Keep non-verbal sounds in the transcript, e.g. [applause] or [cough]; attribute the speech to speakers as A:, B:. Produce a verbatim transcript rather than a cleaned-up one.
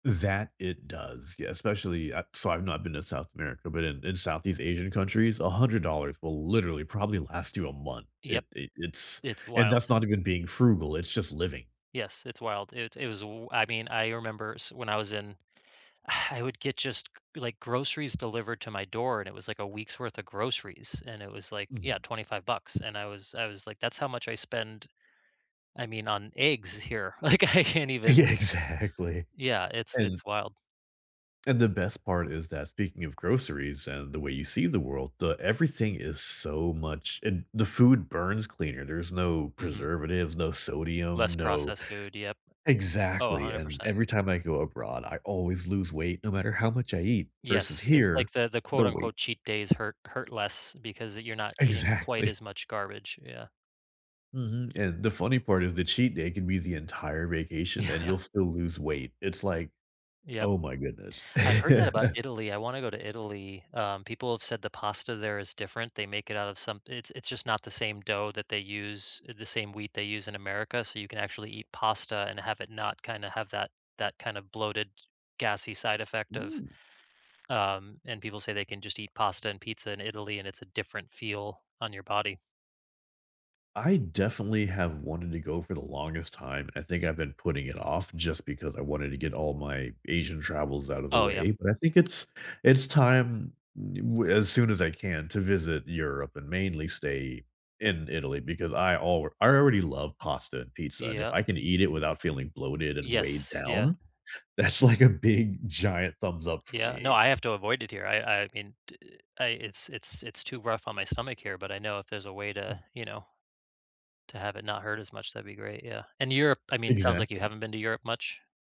A: That, it does. Yeah, especially at so, I've not been to South America, but in in Southeast Asian countries, a hundred dollars will literally, probably last you a month. It
B: Yep.
A: it it's
B: It's
A: and
B: wild.
A: that's not even being frugal. It's just living.
B: Yes. It's wild. It it was w I mean, I remember s when I was in, I would get just, c c like, groceries delivered to my door, and it was, like, a week's worth of groceries, and it was, like, yeah,
A: Mhm.
B: twenty-five bucks, and I was I was like, that's how much I spend, I mean, on eggs here, like, I can't
A: Yeah,
B: even [chuckles]
A: exactly.
B: Yeah, it's
A: And
B: it's wild.
A: and the best part is that- speaking of groceries and the way you see the world- the everything is so much and the food burns cleaner. There's no
B: Mhm.
A: preservatives, no sodium,
B: Less
A: no
B: processed food. Yep. Oh, a
A: Exactly,
B: hundred
A: and
B: percent.
A: every time I go abroad, I always lose weight no matter how much I eat versus
B: Yes. It's
A: here,
B: like the the quote,
A: the weight
B: unquote “cheat days” hurt hurt less because, uh, you're not eating quite
A: Exactly.
B: as much garbage, yeah.
A: Mhm, and the funny part is the cheat day can be the entire vacation, and
B: Yeah.
A: you'll still lose weight. It's, like
B: Yep.
A: Oh my goodness.
B: I've heard that about
A: [chuckles]
B: Italy. I wanna go to Italy. Um, people have said the pasta there is different. They make it out of some it it's just not the same dough that they use eh, the same wheat they use in America, so you can actually eat pasta and have it not kinda have that that kind of bloated, gassy side effect of
A: Mm.
B: um, and people say they can just eat pasta and pizza in Italy, and it's a different feel on your body.
A: I definitely have wanted to go for the longest time. I think I've been putting it off just because I wanted to get all my Asian travels out of the
B: Oh, yeah.
A: way, but I think it's it's time d we're as soon as I can, to visit Europe and mainly stay in Italy because I alr I already love pasta and pizza, and, if
B: Yep.
A: I can eat it without feeling bloated and weighed
B: Yes. Yeah.
A: down, that's, like, a big giant thumbs up for
B: Yeah, no,
A: me.
B: I have to avoid it here. I I mean, t I it's it's it's too rough on my stomach here, but I know if there's a way to
A: Mm.
B: you know, to have it not hurt as much, that'd be great, yeah. And Europe I mean, sounds like you
A: Exactly.
B: haven't been to Europe much?